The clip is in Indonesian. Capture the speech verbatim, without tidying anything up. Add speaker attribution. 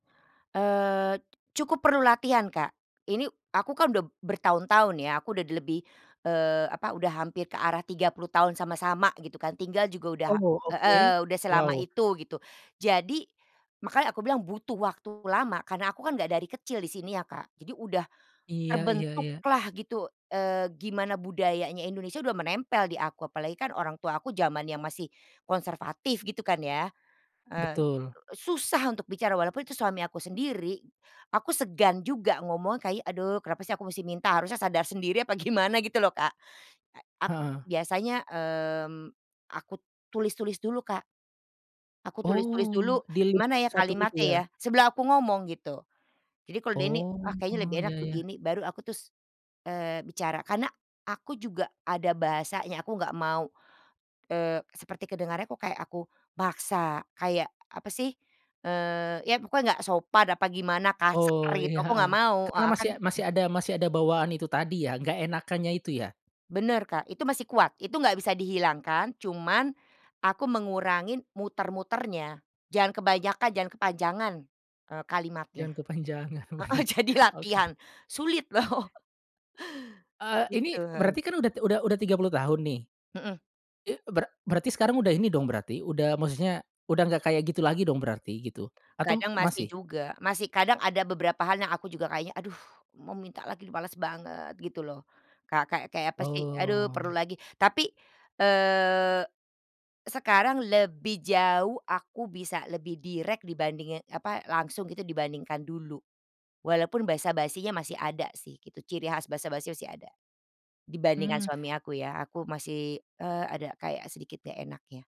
Speaker 1: Eee, cukup perlu latihan, Kak. Ini aku kan udah bertahun-tahun ya. Aku udah di lebih, eee, apa, udah hampir ke arah tiga puluh tahun sama-sama gitu kan, tinggal juga udah
Speaker 2: Oh, oke.
Speaker 1: heeh, udah selama
Speaker 2: Wow.
Speaker 1: itu gitu. Jadi makanya aku bilang butuh waktu lama karena aku kan enggak dari kecil di sini ya, Kak. Jadi udah
Speaker 2: Iya iya iya.
Speaker 1: terbentuklah gitu, eee, gimana budayanya Indonesia udah menempel di aku. Apalagi kan orang tua aku zamannya masih konservatif gitu kan ya. Eee,
Speaker 2: Betul.
Speaker 1: susah untuk bicara, walaupun itu suami aku sendiri. Aku segan juga ngomong kayak, "Aduh kenapa sih aku masih minta, harusnya sadar sendiri." Apa gimana gitu loh, Kak. Nah, aku
Speaker 2: Heeh.
Speaker 1: biasanya, mmm, aku tulis-tulis dulu, Kak. Aku tulis-tulis dulu,
Speaker 2: Oh, dilihat
Speaker 1: "Gimana ya
Speaker 2: satu-satu gitu
Speaker 1: kalimatnya ya?
Speaker 2: ya?
Speaker 1: sebela aku ngomong," gitu. Jadi kalau udah ini,
Speaker 2: Oh,
Speaker 1: "Ah kayaknya lebih enak
Speaker 2: iya iya.
Speaker 1: begini." Baru aku terus, eee, bicara. Karena aku juga ada bahasanya, aku enggak mau, eee, seperti kedengarannya kok kayak aku paksa, kayak apa sih, eee, iya pokoknya enggak sopan apa gimana, kasar
Speaker 2: Oh,
Speaker 1: gitu,
Speaker 2: iya,
Speaker 1: aku
Speaker 2: heeh.
Speaker 1: enggak mau
Speaker 2: Karena
Speaker 1: heeh,
Speaker 2: masih
Speaker 1: kan
Speaker 2: a masih
Speaker 1: mhm.
Speaker 2: ada masih ada bawaan itu tadi ya, enggak enakannya itu ya?
Speaker 1: Benar, Kak. Itu masih kuat, itu enggak bisa dihilangkan. Cuman aku mengurangin muter-muternya. Jangan kebanyakan, jangan kepanjangan, eee, kalimatnya.
Speaker 2: Jangan kepanjangan,
Speaker 1: Heeh,
Speaker 2: benar.
Speaker 1: jadi latihan,
Speaker 2: Oke.
Speaker 1: sulit loh.
Speaker 2: Eee, ini
Speaker 1: Gitu, heeh.
Speaker 2: berarti kan udah ti udah udah tiga puluh tahun nih,
Speaker 1: Mhm.
Speaker 2: i bera berarti sekarang udah ini dong berarti udah maksudnya udah enggak kayak gitu lagi dong berarti gitu? Atau
Speaker 1: Kadang masih
Speaker 2: masih?
Speaker 1: juga, masih. Kadang ada beberapa hal yang aku juga kayaknya, "Aduh mau minta lagi nih, males banget." Gitu loh. Ka kayak-kayak apa sih, "Aduh perlu
Speaker 2: Oh.
Speaker 1: lagi." Tapi, eee, sekarang lebih jauh, aku bisa lebih direk dibandingin, apa, langsung gitu dibandingkan dulu. Walaupun basa-basinya masih ada sih gitu, ciri khas basa-basi masih ada. Dibandingkan
Speaker 2: Mmm.
Speaker 1: suami aku ya, aku masih, eee, ada kayak sedikit enggak enaknya.